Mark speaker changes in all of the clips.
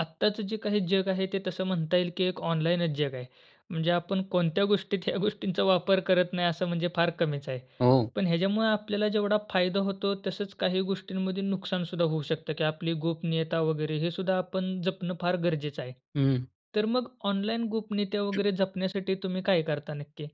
Speaker 1: आत्ताचं जे काही जग आहे ते तसं म्हणता येईल की एक ऑनलाईनच जग आहे. म्हणजे आपण कोणत्या गोष्टीत ह्या गोष्टींचा वापर करत नाही असं म्हणजे फार कमीच आहे.
Speaker 2: हो.
Speaker 1: पण ह्याच्यामुळं आपल्याला जेवढा फायदा होतो तसंच काही गोष्टींमध्ये नुकसान सुद्धा होऊ शकतं की आपली गोपनीयता वगैरे हे सुद्धा आपण जपणं फार गरजेचं आहे.
Speaker 2: हं.
Speaker 1: तर मग ऑनलाईन गोपनीयता वगैरे जपण्यासाठी तुम्ही काय करता नक्की?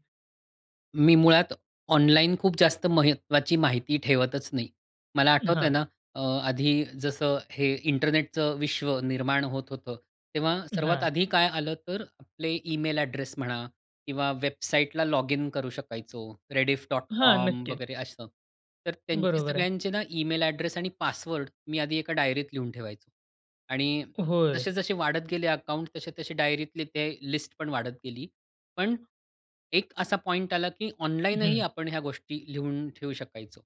Speaker 2: मी मुळात ऑनलाईन खूप जास्त महत्त्वाची माहिती ठेवतच नाही. मला आठवतंय
Speaker 1: हां.
Speaker 2: ना अ, आधी जसं हे इंटरनेटचं विश्व निर्माण होत होतं, तेव्हा सर्वात
Speaker 1: हां.
Speaker 2: आधी काय आलं, तर आपले ईमेल ॲड्रेस म्हणा किंवा वेबसाईटला लॉगिन करू शकायचो, रेडिफ डॉट
Speaker 1: हां.
Speaker 2: कॉम
Speaker 1: नक्कीच.
Speaker 2: वगैरे असं. तर त्यांचे
Speaker 1: बरोबर आहे.
Speaker 2: सगळ्यांचे ना ईमेल ॲड्रेस आणि पासवर्ड मी आधी एका डायरीत लिहून ठेवायचो. आणि
Speaker 1: होय.
Speaker 2: जसे-जसे वाढत गेले अकाउंट तसे-तसे डायरीतली ते लिस्ट पण वाढत गेली. पण एक असा पॉइंट आला की ऑनलाईन ही
Speaker 1: हं.
Speaker 2: आपण ह्या गोष्टी लिहून ठेवू शकायचो.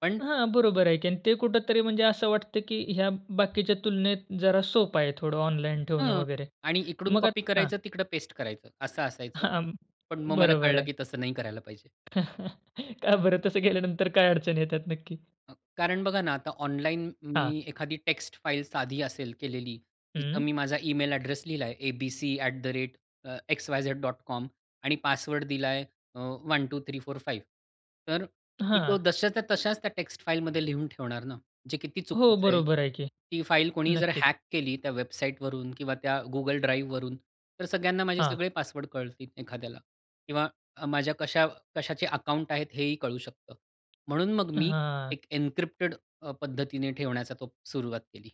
Speaker 2: पण
Speaker 1: हां. बरोबर आहे की आणि ते कुठेतरी म्हणजे असं वाटतं, की ह्या बाकीच्या तुलनेत जरा सोपं आहे थोडं ऑनलाईन ठेवणं
Speaker 2: हां.
Speaker 1: वगैरे.
Speaker 2: आणि इकडून
Speaker 1: मग आ
Speaker 2: कॉपी
Speaker 1: हां.
Speaker 2: करायचं तिकडं पेस्ट करायचं असं असायचं.
Speaker 1: हां.
Speaker 2: पण मग मला
Speaker 1: बरोबर
Speaker 2: कळलं
Speaker 1: आहे.
Speaker 2: की तसं नाही करायला पाहिजे.
Speaker 1: का बरं? तसं केल्यानंतर काय अडचण येतात नक्की?
Speaker 2: अ, कारण बघा ना आता ऑनलाईन मी
Speaker 1: हां.
Speaker 2: एखादी टेक्स्ट फाईल साधी असेल केलेली जिथं मी
Speaker 1: हं.
Speaker 2: माझा ईमेल ॲड्रेस लिहिला आहे abc@xyz.com आणि पासवर्ड दिला अ, 1-2-3-4-5 तर मी तो
Speaker 1: हां.
Speaker 2: जशाच्या तसाच त्या टेक्स्ट फाईलमध्ये लिहून ठेवणार ना जे किती
Speaker 1: हो.
Speaker 2: चुकीचं आहे.
Speaker 1: बरोबर आहे की.
Speaker 2: ती फाईल कोणी जर
Speaker 1: नक्कीच.
Speaker 2: हॅक केली त्या वेबसाईटवरून किंवा त्या Google Driveवरून तर सगळ्यांना माझे
Speaker 1: हां.
Speaker 2: सगळे पासवर्ड कळतील एखाद्याला किंवा माझ्या कशा-कशाचे अकाऊंट आहेत हेही कळू शकतं. म्हणून मग मी
Speaker 1: हां.
Speaker 2: एक एनक्रिप्टेड अ, पद्धतीने ठेवण्याचा तो सुरुवात केली.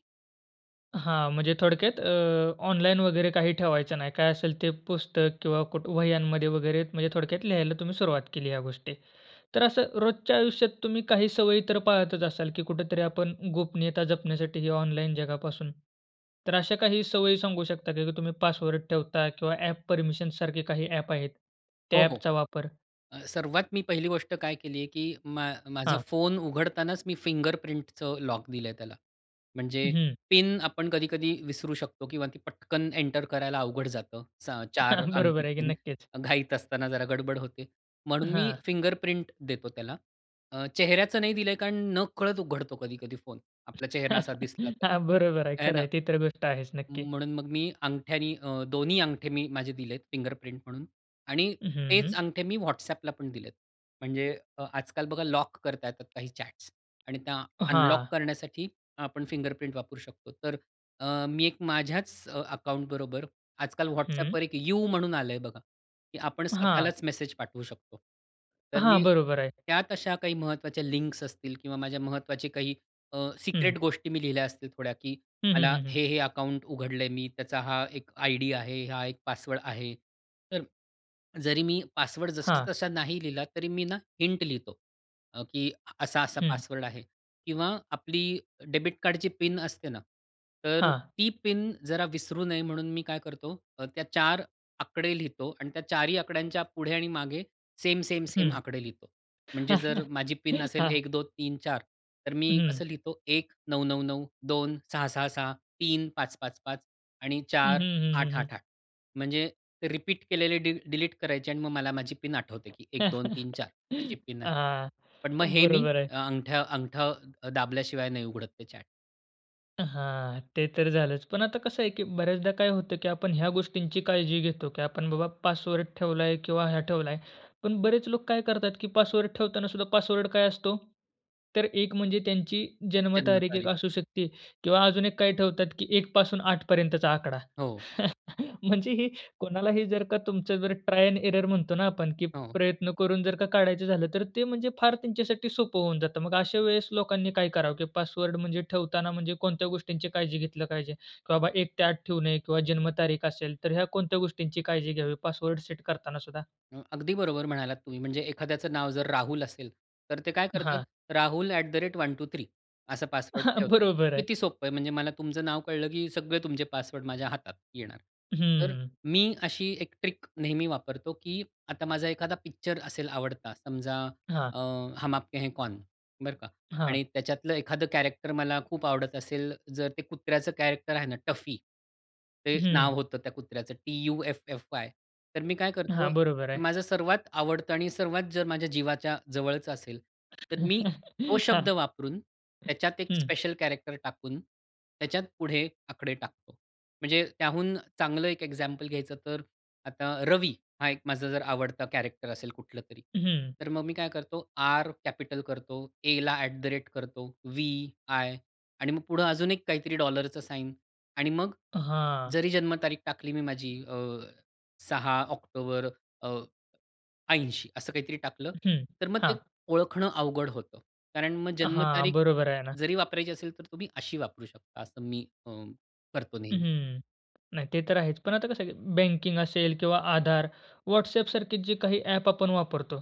Speaker 1: हां. म्हणजे थोडक्यात अ, ऑनलाईन वगैरे काही ठेवायचं नाही. काय असेल ते पुस्तक किंवा कुठ वह्यांमध्ये वगैरे म्हणजे थोडक्यात लिहायला तुम्ही सुरुवात केली ह्या गोष्टी. तर असं रोजच्या आयुष्यात तुम्ही काही सवयी तर पाहतच असाल की कुठेतरी आपण गोपनीयता जपण्यासाठी ही ऑनलाईन जगापासून. तर अशा काही सवयी सांगू शकता का? की तुम्ही पासवर्ड ठेवता किंवा ॲप परमिशनसारखे काही ॲप आहेत,
Speaker 2: हो,
Speaker 1: त्या
Speaker 2: हो.
Speaker 1: ॲपचा वापर?
Speaker 2: अ, सर्वात मी पहिली गोष्ट काय केली आहे की मा माझा
Speaker 1: हां.
Speaker 2: फोन उघडतानाच मी फिंगरप्रिंटचं लॉक दिलं आहे त्याला. म्हणजे
Speaker 1: हं.
Speaker 2: पिन आपण कधी-कधी विसरू शकतो किंवा ती पटकन एंटर करायला अवघड जातं. असं 4 अंकी
Speaker 1: बरोबर आहे की.
Speaker 2: पिन
Speaker 1: नक्कीच.
Speaker 2: अ, घाईत असताना जरा गडबड होते. म्हणून मी
Speaker 1: हां.
Speaker 2: फिंगरप्रिंट देतो त्याला. अ, चेहऱ्याचं नाही दिलं आहे, कारण नकळत उघडतो कधी-कधी फोन, आपला चेहरा असा दिसला तर,
Speaker 1: हां. बरोबर आहे.
Speaker 2: हे
Speaker 1: खरं
Speaker 2: ना.
Speaker 1: आहे. ती तर गोष्ट आहेच, नक्की.
Speaker 2: म्हणून मग मी अंगठ्याने अ, 2न्ही अंगठे मी माझे दिले आहेत फिंगरप्रिंट म्हणून आणि
Speaker 1: हं,
Speaker 2: तेच
Speaker 1: हं.
Speaker 2: अंगठे मी WhatsAppला पण दिलेत. म्हणजे अ, आजकाल बघा लॉक करता येतात काही चॅट्स आणि त्या अनलॉक
Speaker 1: हां.
Speaker 2: करण्यासाठी आपण फिंगरप्रिंट वापरू शकतो. तर अ, मी एक माझ्याच अकाउंटबरोबर आजकाल
Speaker 1: हं.
Speaker 2: WhatsAppवर एक यू म्हणून आलं आहे बघा, की आपण
Speaker 1: हां.
Speaker 2: स्वतःलाच मेसेज पाठवू शकतो. तर मी
Speaker 1: हां. बरोबर आहे.
Speaker 2: त्यात अशा काही महत्वाच्या लिंक्स असतील किंवा माझ्या महत्वाचे काही अ,
Speaker 1: हं.
Speaker 2: सिक्रेट गोष्टी मी लिहिल्या असतील थोड्या, की
Speaker 1: हं, हं,
Speaker 2: मला
Speaker 1: हं, हं.
Speaker 2: हे-हे अकाउंट उघडलं आहे मी त्याचा हा एक आयडी आहे. हा एक पासवर्ड आहे. तर जरी मी पासवर्ड
Speaker 1: हां.
Speaker 2: जसाचा तसा नाही लिहिला, तरी मी ना हिंट लिहितो. अ, की असा-असा
Speaker 1: हं.
Speaker 2: पासवर्ड आहे किंवा आपली डेबिट कार्डची पिन असते ना, तर
Speaker 1: हां.
Speaker 2: ती पिन जरा विसरू नये म्हणून मी काय करतो, अ, त्या 4 आकडे लिहितो आणि त्या 4ही आकड्यांच्या पुढे आणि मागे सेम, सेम, सेम
Speaker 1: हं.
Speaker 2: आकडे लिहितो. म्हणजे जर माझी पिन असेल
Speaker 1: हां.
Speaker 2: 1-2-3-4 तर मी
Speaker 1: हं.
Speaker 2: असं लिहितो 1-9-9-9, 2-6-6-6, 3-5-5-5 आणि
Speaker 1: हं,
Speaker 2: चार
Speaker 1: हं, हं,
Speaker 2: आठ
Speaker 1: हं, हं.
Speaker 2: आठ आठ. म्हणजे रिपीट केलेले डिल डिलीट करायचे आणि मग मला माझी पिन आठवते की एक दोन तीन चार अशी पिन आहे.
Speaker 1: हां.
Speaker 2: पण मग हे मी
Speaker 1: बरोबर आहे.
Speaker 2: अंगठं अंगठं दाबल्याशिवाय नाही उघडत ते चॅट.
Speaker 1: हां. ते तर झालंच. पण आता कसं आहे की बऱ्याचदा काय होतं, की आपण ह्या गोष्टींची काळजी घेतो की आपण बाबा पासवर्ड ठेवला आहे किंवा ह्या ठेवला आहे. पण बरेच लोकं काय करतात की पासवर्ड ठेवताना सुद्धा पासवर्ड काय असतो? तर एक म्हणजे त्यांची जन्म
Speaker 2: जन्म
Speaker 1: तारीख एक
Speaker 2: तारीख.
Speaker 1: असू शकते किंवा अजून एक काय ठेवतात की 1 पासून 8 पर्यंतचा आकडा.
Speaker 2: हो.
Speaker 1: म्हणजे हे कोणालाही जर का तुमचं जर, ट्राय एंड एरर म्हणतो ना आपण? की
Speaker 2: हो.
Speaker 1: प्रयत्न करून जर का काढायचं झालं, तर ते म्हणजे फार त्यांच्यासाठी सोपं होऊन जातं. मग अशा वेळेस लोकांनी काय करावं, की पासवर्ड म्हणजे ठेवताना म्हणजे कोणत्या गोष्टींची काळजी घेतली पाहिजे? की बाबा 1 ते 8 ठेवू नये किंवा जन्म तारीख असेल तर, ह्या कोणत्या गोष्टींची काळजी घ्यावी पासवर्ड सेट करतांना सुद्धा?
Speaker 2: अ, अगदी बरोबर म्हणालात तुम्ही. म्हणजे एखाद्याचं नाव जर राहुल असेल, तर ते काय करतात,
Speaker 1: हां.
Speaker 2: rahul@123 असा पासवर्ड ठेवतात.
Speaker 1: बरोबर आहे.
Speaker 2: किती सोप्पं आहे. म्हणजे मला तुमचं नाव कळलं की सगळे तुमचे पासवर्ड माझ्या हातात येणार. तर
Speaker 1: हं.
Speaker 2: मी अशी एक ट्रिक नेहमी वापरतो की आता माझा एखादा पिक्चर असेल आवडता, समजा
Speaker 1: हां.
Speaker 2: अ, "हम आपके हैं कौन." बरं का
Speaker 1: हां.
Speaker 2: आणि त्याच्यातलं एखादं कॅरेक्टर मला खूप आवडत असेल, जर ते कुत्र्याचं कॅरेक्टर आहे ना टफी. ते नाव
Speaker 1: हं.
Speaker 2: होतं त्या कुत्र्याचं टी-यु-एफ-एफ-वाय. तर मी काय करतो
Speaker 1: हां. बरोबर
Speaker 2: की
Speaker 1: आहे.
Speaker 2: माझं सर्वात आवडतं आणि सर्वात जर माझ्या जीवाच्या जवळचं असेल, तर मी तो
Speaker 1: हां.
Speaker 2: शब्द वापरून, त्याच्यात एक
Speaker 1: हं.
Speaker 2: स्पेशल कॅरेक्टर टाकून त्याच्यात पुढे आकडे टाकतो. म्हणजे त्याहून चांगलं एक एक्झॅम्पल घ्यायचं तर, आता रवी हा एक माझा जर आवडता कॅरेक्टर असेल कुठलं तरी.
Speaker 1: हं.
Speaker 2: तर मग मी काय करतो आर कॅपिटल करतो, एला ॲट द रेट करतो, वी-आय आणि मग पुढे अजून एक काहीतरी डॉलरच साइन आणि मग
Speaker 1: हां.
Speaker 2: जरी जन्म तारीख टाकली मी माझी अ, 6 ऑक्टोबर, अ, 80 असं काहीतरी टाकलं,
Speaker 1: हं.
Speaker 2: तर मग ते
Speaker 1: हां.
Speaker 2: ओळखणं अवघड होतं. कारण मग जन्म
Speaker 1: हां.
Speaker 2: तारीख
Speaker 1: बरोबर आहे ना.
Speaker 2: जरी वापरायची असेल, तर तुम्ही अशी वापरू शकता असं मी अ, करतो नेहमी.
Speaker 1: हं. नाही ते तर आहेच. पण आता कसं आहे की बँकिंग असेल किंवा आधार, WhatsAppसारखे जे काही ॲप आपण वापरतो,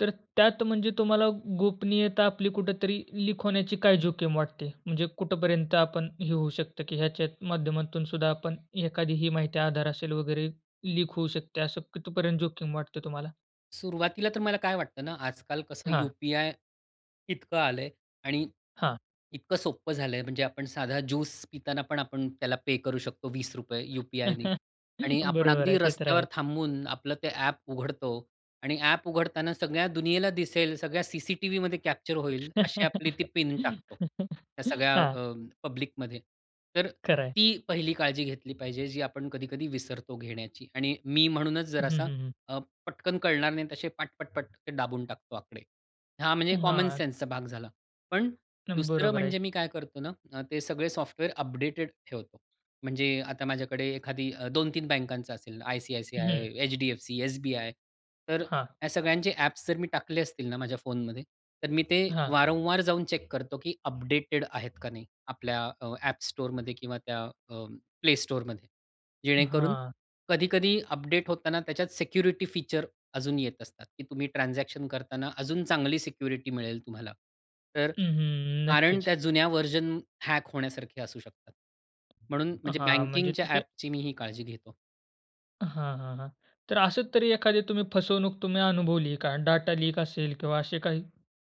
Speaker 1: तर त्यात म्हणजे तुम्हाला गोपनीयता आपली कुठेतरी लीक होण्याची काय जोखीम वाटते? म्हणजे कुठपर्यंत आपण हे होऊ शकतं की ह्याच्या माध्यमातून सुद्धा आपण एखादी ही माहिती आधार असेल वगैरे लीक होऊ शकते, असं कितीपर्यंत जोखीम वाटतं तुम्हाला?
Speaker 2: सुरुवातीला तर मला काय वाटतं ना आजकाल कसं
Speaker 1: हां.
Speaker 2: यूपीआय इतकं आलंय. आणि
Speaker 1: हां.
Speaker 2: इतकं सोपं झालंय म्हणजे आपण साधा ज्यूस पिताना पण आपण त्याला पे करू शकतो ₹20 यूपीआयनी आणि आपण
Speaker 1: बरोबर
Speaker 2: अगदी
Speaker 1: आहे, ते तर
Speaker 2: रस्त्यावर
Speaker 1: आहे.
Speaker 2: थांबून आपलं ते ॲप उघडतो आणि ॲप उघडताना सगळ्या दुनियेला दिसेल सगळ्या सीसीटीव्हीमध्ये कॅप्चर होईल अशी आपली ती पिन टाकतो. त्या सगळ्या
Speaker 1: हां.
Speaker 2: अ, पब्लिकमध्ये तर
Speaker 1: खरं आहे.
Speaker 2: ती पहिली काळजी घेतली पाहिजे जी आपण कधी-कधी विसरतो घेण्याची आणि मी म्हणूनच
Speaker 1: हं, हं,
Speaker 2: जरासा
Speaker 1: हं.
Speaker 2: अ, पटकन कळणार नाही तसे पट, पटपट ते दाबून टाकतो आकडे. हा. म्हणजे
Speaker 1: हां.
Speaker 2: कॉमनसेन्सचा भाग झाला. पण दुसरं
Speaker 1: बरोबर आहे.
Speaker 2: म्हणजे मी काय करतो ना, ते सगळे सॉफ्टवेअर अपडेटेड ठेवतो. म्हणजे आता माझ्याकडे एखादी 2-3 बँकांचं असेल आयसीआयसीआय,
Speaker 1: हं.
Speaker 2: HDFC, SBI. तर
Speaker 1: हां.
Speaker 2: या सगळ्यांचे ॲप्स जर मी टाकले असतील ना माझ्या फोनमध्ये. तर मी ते
Speaker 1: हां.
Speaker 2: वारंवार जाऊन चेक करतो, की अपडेटेड आहेत का नाही आपल्या अ, App Storeमध्ये किंवा त्या अ, Play Store मध्ये जेणेकरून,
Speaker 1: हां.
Speaker 2: कधी-कधी अपडेट होताना त्याच्यात सिक्युरिटी फीचर अजून येत असतात, की तुम्ही ट्रान्झॅक्शन करतांना अजून चांगली सिक्युरिटी मिळेल तुम्हाला. तर
Speaker 1: अ, हं.
Speaker 2: कारण
Speaker 1: नक्कीच.
Speaker 2: त्या जुन्या व्हर्जन हॅक होण्यासारखे असू शकतात. म्हणून म्हणजे
Speaker 1: हां, म्हणजे
Speaker 2: बँकिंगच्या
Speaker 1: तसे
Speaker 2: ॲपची मी ही काळजी घेतो.
Speaker 1: हां, हां, हां. तर असच तरी एखादी तुम्ही फसवणूक तुम्ही अनुभवली आहे का? डाटा लीक असेल किंवा असे काही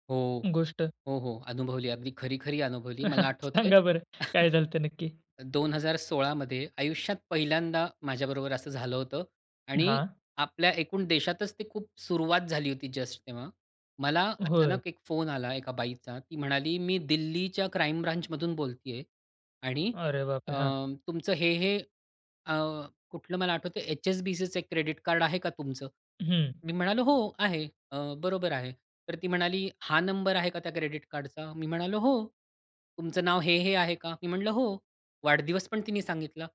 Speaker 2: हो.
Speaker 1: गोष्ट?
Speaker 2: हो, हो. अनुभवली. अगदी खरी-खरी अनुभवली. मला आठवतंय.
Speaker 1: सांगा बरं, काय झाल होतं नक्की?
Speaker 2: 2016 मध्ये आयुष्यात पहिल्यांदा माझ्याबरोबर असं झालं होतं आणि
Speaker 1: हां.
Speaker 2: आपल्या एकूण देशातच ती खूप सुरुवात झाली होती जस्ट तेव्हा. मला
Speaker 1: होय.
Speaker 2: अचानक एक फोन आला एका बाईचा. ती म्हणाली, "मी दिल्लीच्या क्राईम ब्रांचमधून बोलतेय." आणि
Speaker 1: अरे
Speaker 2: अ,
Speaker 1: बापरे! हां.
Speaker 2: तुमचं हे, हे, अ, कुठलं मला आठवतंय, "HSBCचं एक क्रेडिट कार्ड आहे का तुमचं?"
Speaker 1: हं.
Speaker 2: मी म्हणालो "हो, आहे. अ, बरोबर आहे." तर ती म्हणाली, "हा नंबर आहे का त्या क्रेडिट कार्डचा?" मी म्हणालो हो. "तुमचं नाव हे-हे आहे का?" मी म्हटलं हो. वाढदिवस पण तिने सांगितला.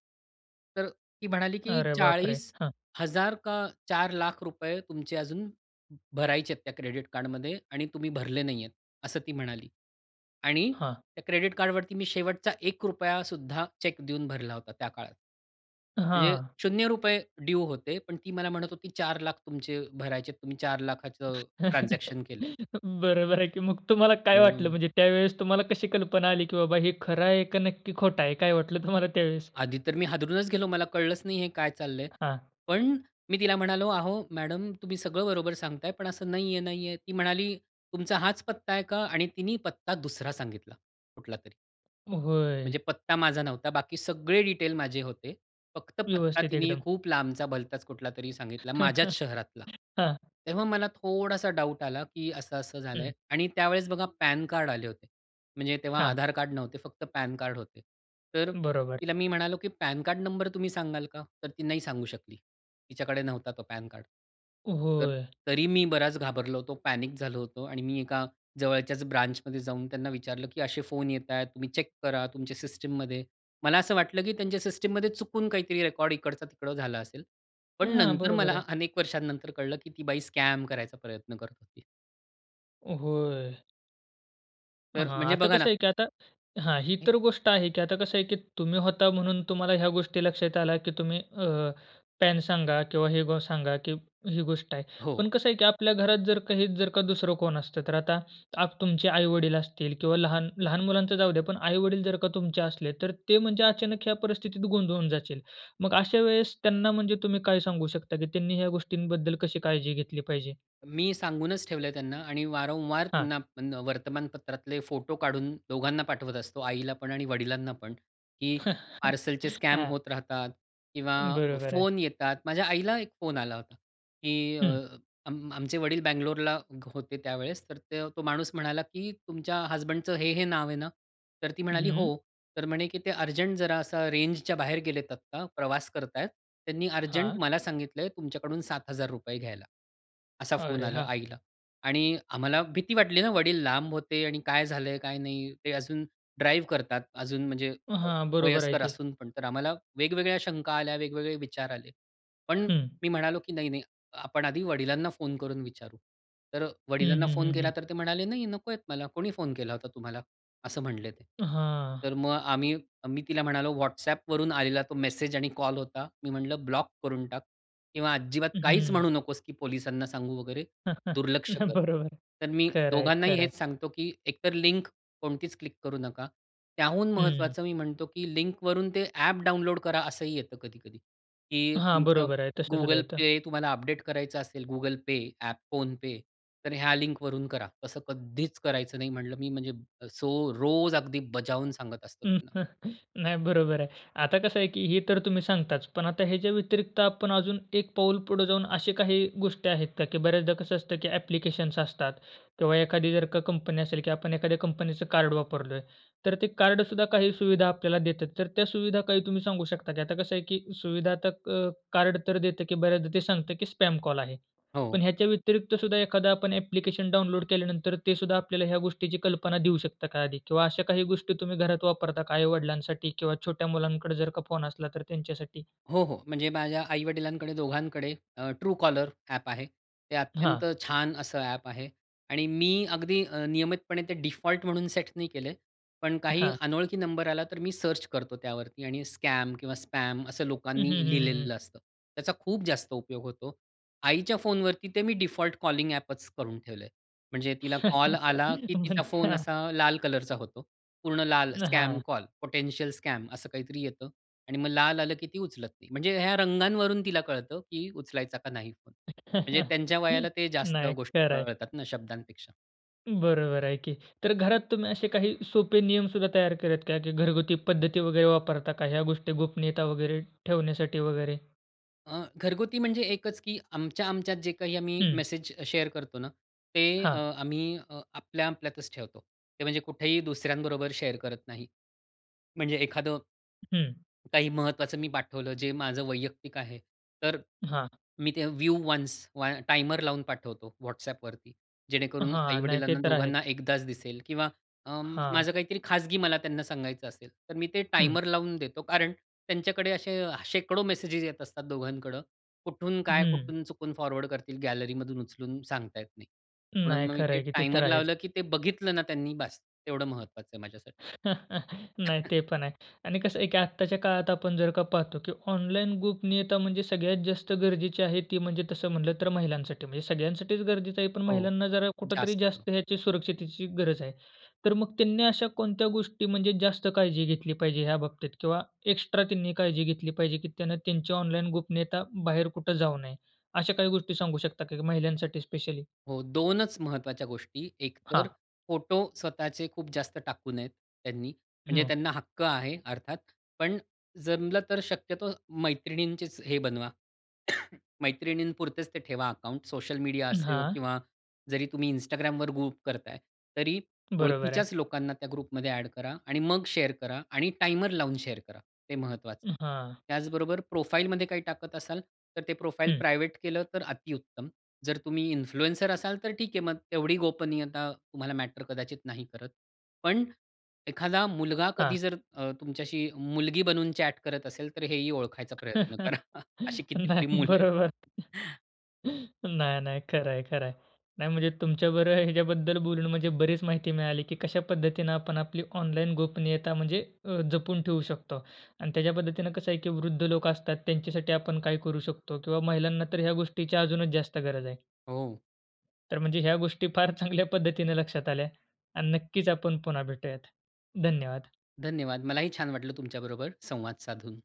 Speaker 2: तर ती म्हणाली, की
Speaker 1: अरे बापरे!
Speaker 2: "चाळीस
Speaker 1: हां.
Speaker 2: हजार का ₹4,00,000 रुपये तुमचे अजून भरायचे आहेत त्या क्रेडिट कार्डमध्ये आणि तुम्ही भरले नाही आहेत." असं ती म्हणाली. आणि
Speaker 1: हां.
Speaker 2: त्या क्रेडिट कार्डवरती मी शेवटचा ₹1 सुद्धा चेक देऊन भरला होता त्या काळात. म्हणजे
Speaker 1: हां.
Speaker 2: ₹0 ड्यू होते. पण ती मला म्हणत होती, "₹4,00,000 तुमचे भरायचे आहेत. तुम्ही ₹4,00,000 चं ट्रान्झॅक्शन केलंय."
Speaker 1: बरोबर आहे की. मग तुम्हाला काय वाटलं?
Speaker 2: हो.
Speaker 1: म्हणजे त्यावेळेस तुम्हाला कशी कल्पना आली, की बाबा हे खरं आहे का नक्की खोटं आहे? काय वाटलं तुम्हाला त्यावेळेस?
Speaker 2: आधी तर मी हादरूनच गेलो. मला कळलंच नाही हे काय चाललंय.
Speaker 1: हां.
Speaker 2: पण मी तिला म्हणालो, "अहो मॅडम तुम्ही सगळं बरोबर सांगताय पण असं नाहीये-नाहीये." ती म्हणाली, "तुमचा हाच पत्ता आहे का?" आणि तिने पत्ता दुसरा सांगितला कुठलातरी.
Speaker 1: होय.
Speaker 2: म्हणजे पत्ता माझा नव्हता. बाकी सगळे डिटेल माझे होते. फक्त पत्ता
Speaker 1: व्यवस्थित
Speaker 2: तिने
Speaker 1: एकदम.
Speaker 2: खूप लांबचा, भलताच कुठलातरी सांगितला माझ्याच शहरातला.
Speaker 1: हां.
Speaker 2: तेव्हा मला थोडासा डाउट आला, की असं-असं झालंय
Speaker 1: हं.
Speaker 2: आणि त्यावेळेस बघा पॅनकार्ड आले होते. म्हणजे तेव्हा
Speaker 1: हां.
Speaker 2: आधारकार्ड नव्हते. फक्त पॅनकार्ड होते. तर
Speaker 1: बरोबर.
Speaker 2: तिला मी म्हणालो, की पॅनकार्ड नंबर तुम्ही सांगाल का? तर ती नाही सांगू शकली. तिच्याकडे नव्हता तो पॅनकार्ड. तर
Speaker 1: होय.
Speaker 2: तरी मी बराच घाबरलो होतो. पॅनिक झालो होतो. आणि मी एका जवळच्याच ब्रांचमध्ये जाऊन त्यांना विचारलं, की असे फोन येताहेत तुम्ही चेक करा तुमच्या सिस्टममध्ये. मला असं वाटलं, की त्यांच्या सिस्टममध्ये चुकून काहीतरी रेकॉर्ड इकडचा तिकडं झालं असेल. पण
Speaker 1: हां.
Speaker 2: नंतर
Speaker 1: बरोबर
Speaker 2: मला
Speaker 1: आहे.
Speaker 2: अनेक वर्षानंतर कळलं, की ती बाई स्कॅम करायचा प्रयत्न करत होती.
Speaker 1: होय. हां.
Speaker 2: तर म्हणजे
Speaker 1: आता
Speaker 2: बघा ना
Speaker 1: कसं आहे, की आता हां, ही
Speaker 2: [unintelligible]
Speaker 1: तर गोष्ट आहे की आता कसं आहे, की तुम्ही होता म्हणून तुम्हाला ह्या गोष्टी लक्षात आल्या, की तुम्ही अ, पॅन सांगा किंवा हे बो सांगा, की ही गोष्ट आहे.
Speaker 2: हो.
Speaker 1: पण कसं आहे, की आपल्या घरात जर काही जर का दुसरं कोण असतं. तर आता आप तुमचे आई-वडील असतील किंवा लहान लहान मुलांचं जाऊ द्या, पण आई-वडील जर का तुमचे असले, तर ते म्हणजे अचानक ह्या परिस्थितीत गोंधळून जातील. मग अशा वेळेस त्यांना म्हणजे तुम्ही काय सांगू शकता, की त्यांनी ह्या गोष्टींबद्दल कशी काळजी घेतली पाहिजे?
Speaker 2: मी सांगूनच ठेवलंय त्यांना आणि वारंवार
Speaker 1: हां.
Speaker 2: त्यांना पण वर्तमानपत्रातले फोटो काढून दोघांना पाठवत असतो. आईलापण आणि वडिलांनापण, की पार्सलचे स्कॅम
Speaker 1: हां.
Speaker 2: होत राहतात किंवा
Speaker 1: बरोबर आहे.
Speaker 2: फोन येतात. माझ्या आईला एक फोन आला होता, की अ,
Speaker 1: हं.
Speaker 2: आम आमचे वडील बंगलोरला होते त्यावेळेस, तर त्य तो माणूस म्हणाला, की "तुमच्या हसबँडचं हे, हे नाव आहे ना?" तर ती म्हणाली,
Speaker 1: हं.
Speaker 2: "हो." तर म्हणे की "ते अर्जंट जरा असा रेंजच्या बाहेर गेलेत आत्ता प्रवास करतायत, त्यांनी अर्जंट
Speaker 1: हां.
Speaker 2: मला सांगितलंय तुमच्याकडून ₹7,000 घ्यायला," असा फोन
Speaker 1: अरे!
Speaker 2: आला
Speaker 1: हां.
Speaker 2: आईला. आणि आम्हाला भीती वाटली ना, वडील लांब होते आणि काय झालंय, काय नाही. ते अजून ड्राईव्ह करतात अजून. म्हणजे
Speaker 1: हां. बरोबर आहे
Speaker 2: वयस्कर
Speaker 1: की.
Speaker 2: असूनपण. तर आम्हाला वेगवेगळ्या शंका आल्या, वेगवेगळे विचार आले. पण
Speaker 1: हं.
Speaker 2: मी म्हणालो की "नाही, नाही आपण आधी वडिलांना फोन करून विचारू." तर
Speaker 1: हं,
Speaker 2: वडिलांना
Speaker 1: हं,
Speaker 2: फोन
Speaker 1: हं, हं.
Speaker 2: केलातर ते म्हणाले, "नाही, नकोय मला कोणी फोन केला होता तुम्हाला." असं म्हणले ते.
Speaker 1: हां.
Speaker 2: तर मग आम्ही मी तिला म्हणालो WhatsAppवरून आलेला तो मेसेज आणि कॉल होता. मी म्हटलं ब्लॉक करून टाक किंवा अजिबात काहीच म्हणू
Speaker 1: हं.
Speaker 2: नकोस की पोलिसांना सांगू वगैरे दुर्लक्ष
Speaker 1: नाही.
Speaker 2: कर.
Speaker 1: बरोबर आहे.
Speaker 2: तर मी
Speaker 1: खरं आहे,
Speaker 2: दोघांनाही
Speaker 1: खरं आहे.
Speaker 2: हेच सांगतो, की एकतर लिंक कोणतीच क्लिक करू नका. त्याहून
Speaker 1: हं.
Speaker 2: महत्वाचं मी म्हणतो की लिंकवरून ते ॲप डाउनलोड करा असंही येतं कधी-कधी की
Speaker 1: हां.
Speaker 2: तुमचं
Speaker 1: बरोबर आहे. तसं सुद्धा
Speaker 2: Google
Speaker 1: येतं.
Speaker 2: Pay तुम्हाला अपडेट करायचं असेल Google Pay ॲप फोन-पे तर ह्या लिंक वरून करा. असं कधीच करायचं नाही म्हटलं मी म्हणजे सो रोज अगदी बजावून सांगत असतो त्यांना.
Speaker 1: नाही. बरोबर आहे. आता कसं आहे, की हे तर तुम्ही सांगताच, पण आता ह्याच्या व्यतिरिक्त आपण अजून एक पाऊल पुढे जाऊन, अशी काही गोष्टी आहेत का? की बऱ्याचदा कसं असतं, की ॲप्लिकेशन्स असतात किंवा एखादी जर का कंपनी असेल, की आपण एखाद्या कंपनीचं कार्ड वापरलं आहे. तर ते कार्डसुद्धा काही सुविधा आपल्याला देतात. तर त्या सुविधा काही तुम्ही सांगू शकता? की आता कसं आहे, की सुविधा तर अ, कार्ड तर देत, की बऱ्याचदा ते सांगत, की स्पॅम कॉल आहे.
Speaker 2: हो.
Speaker 1: पण ह्याच्या व्यतिरिक्त सुद्धा एखादा आपण ॲप्लिकेशन डाउनलोड केल्यानंतर ते सुद्धा आपल्याला ह्या गोष्टीची कल्पना देऊ शकत का आधी? किंवा अशा काही गोष्टी तुम्ही घरात वापरता का, आई-वडिलांसाठी किंवा छोट्या मुलांकडे जर का फोन असला तर त्यांच्यासाठी?
Speaker 2: हो, हो. म्हणजे माझ्या आई-वडिलांकडे दोघांकडे अ, True caller ॲप आहे. ते
Speaker 1: हां.
Speaker 2: अत्यंत छान असं ॲप आहे. आणि मी अगदी नियमितपणे ते डिफॉल्ट म्हणून सेट नाही केले. पण काही
Speaker 1: हां.
Speaker 2: अनोळखी नंबर आला, तर मी सर्च करतो त्यावरती आणि स्कॅम किंवा स्पॅम असं
Speaker 1: हं,
Speaker 2: लोकांनी
Speaker 1: हं, हं, हं, हं.
Speaker 2: लिहिलेलं असतं. त्याचा खूप जास्त उपयोग होतो. आईच्या फोनवरती ते मी डिफॉल्ट कॉलिंग ॲपच करून ठेवलंय. म्हणजे तिला कॉल आला, की
Speaker 1: म्हण
Speaker 2: तिचा फोन
Speaker 1: हां.
Speaker 2: असा लाल कलरचा होतो. पूर्ण लाल स्कॅम
Speaker 1: हां.
Speaker 2: कॉल, पोटेन्शियल स्कॅम असं काहीतरी येतं. आणि मग लाल आलं, की ती उचलत नाही. म्हणजे ह्या रंगांवरून तिला कळतं, की उचलायचा का नाही? म्हणजे त्यांच्या वयाला ते जास्त
Speaker 1: नाही.
Speaker 2: गोष्टी
Speaker 1: खरं आहे.
Speaker 2: कळतात ना, शब्दांपेक्षा.
Speaker 1: बरोबर आहे की. तर घरात तुम्ही असे काही सोपे नियम सुद्धा तयार करता का, की घरगुती पद्धती वगैरे वापरता का ह्या गोष्टी गोपनीयता वगैरे ठेवण्यासाठी वगैरे?
Speaker 2: अ, घरगुती म्हणजे एकच की आमच्या-आमच्यात जे काही आम्ही
Speaker 1: हं.
Speaker 2: मेसेज शेअर करतो ना, ते अ,
Speaker 1: हां.
Speaker 2: आम्ही अ, आपल्या, आपल्यातच ठेवतो. ते म्हणजे कुठेही दुसऱ्यांबरोबर शेअर करत नाही. म्हणजे एखादं
Speaker 1: हं.
Speaker 2: काही महत्वाचं मी पाठवलं जे माझं वैयक्तिक आहे. तर अ,
Speaker 1: हां.
Speaker 2: मी ते व्ह्यू वन्स व टाइमर लावून पाठवतो, WhatsAppवरती. जेणेकरून
Speaker 1: हां, नाही. ते
Speaker 2: आई-वडिलांना
Speaker 1: तर आहे.
Speaker 2: दोघांना एकदाच दिसेल. किंवा अं,
Speaker 1: हां.
Speaker 2: माझं काहीतरी खाजगी मला त्यांना सांगायचं असेल, तर मी ते
Speaker 1: हं.
Speaker 2: टाइमर लावून देतो कारण त्यांच्याकडे असे शेकडो मेसेजेस येत असतात दोघांकडं. कुठून काय,
Speaker 1: हं.
Speaker 2: कुठून चुकून फॉरवर्ड करतील? गॅलरीमधून उचलून सांगता येत नाही. म्हणून
Speaker 1: नाही,
Speaker 2: मग, मी
Speaker 1: खरं
Speaker 2: ते
Speaker 1: आहे की. ते तर
Speaker 2: टाइमर
Speaker 1: आहेच.
Speaker 2: लावलं की ते बघितलं ना त्यांनी बास, तेवढं महत्त्वाचं आहे माझ्यासाठी.
Speaker 1: नाही
Speaker 2: [unintelligible]
Speaker 1: ते पण आहे आणि कसं आहे की आत्ताच्या काळात आपण जर का पाहतो की ऑनलाईन गोपनियता म्हणजे सगळ्यात जास्त गरजेची आहे, ती म्हणजे तसं म्हटलं तर महिलांसाठी. म्हणजे सगळ्यांसाठीच गरजेचं आहे, पण
Speaker 2: हो.
Speaker 1: महिलांना जरा कुठेतरी
Speaker 2: जास्त.
Speaker 1: जास्त ह्याची सुरक्षिततेची गरज आहे. तर मग त्यांनी अशा कोणत्या गोष्टी, म्हणजे जास्त काळजी घेतली पाहिजे ह्या बाबतीत? किंवा एक्स्ट्रा त्यांनी काळजी घेतली पाहिजे, की त्यांना त्यांची ऑनलाईन गोपनीयता बाहेर कुठे जाऊ नये. अशा काही गोष्टी सांगू शकता का महिलांसाठी स्पेशली?
Speaker 2: हो दोनच महत्वाच्या गोष्टी, एकतर
Speaker 1: हां.
Speaker 2: फोटो स्वतःचे खूप जास्त टाकू नयेत त्यांनी. म्हणजे
Speaker 1: हं.
Speaker 2: त्यांना हक्क आहे अर्थात, पण जमलं तर शक्यतो मैत्रिणींचीच हे बनवा. मैत्रिणी पुरतेच ते ठेवा अकाउंट्स, सोशल मीडिया
Speaker 1: अं,
Speaker 2: असो
Speaker 1: हां.
Speaker 2: किंवा जरी तुम्ही Instagramवर ग्रुप करत आहे. तरी
Speaker 1: बरोबर
Speaker 2: ओळखीच्याच
Speaker 1: आहे.
Speaker 2: लोकांना त्या ग्रुपमध्ये ॲड करा आणि मग शेअर करा आणि टाइमर लावून शेअर करा हे महत्वाचं आहे.
Speaker 1: हां.
Speaker 2: त्याचबरोबर प्रोफाइलमध्ये काही टाकत असाल, तर ते प्रोफाइल
Speaker 1: हं.
Speaker 2: प्रायव्हेट केलं तर अतिउत्तम. जर तुम्ही इन्फ्लुएन्सर असाल तर ठीक आहे, मग तेवढी गोपनीयता तुम्हाला मॅटर कदाचित नाही करत. पण, एखादा मुलगा
Speaker 1: हां.
Speaker 2: कधी जर अ, तुमच्याशी मुलगी बनून चॅट करत असेल, तर हेही ओळखायचा प्रयत्न करा. अशी कितीतरी
Speaker 1: नाही,
Speaker 2: मुलं आहेत.
Speaker 1: बरोबर. नाही, नाही, खरं आहे, खरं आहे. नाही, म्हणजे तुमच्या बरोबर ह्याच्याबद्दल बोलून म्हणजे बरीच माहिती मिळाली की कशा पद्धतीनं आपण आपली ऑनलाईन गोपनीयता म्हणजे अ, जपून ठेवू शकतो. आणि त्याच्या पद्धतीने कसं आहे की वृद्ध लोकं असतात त्यांच्यासाठी, आपण काय करू शकतो किंवा महिलांना तर ह्या गोष्टीची अजूनच जास्त गरज आहे?
Speaker 2: हो.
Speaker 1: तर म्हणजे ह्या गोष्टी फार चांगल्या पद्धतीने लक्षात आल्या आणि नक्कीच आपण पुन्हा भेटूयात. धन्यवाद.
Speaker 2: धन्यवाद. मलाही छान वाटलं तुमच्याबरोबर संवाद साधून.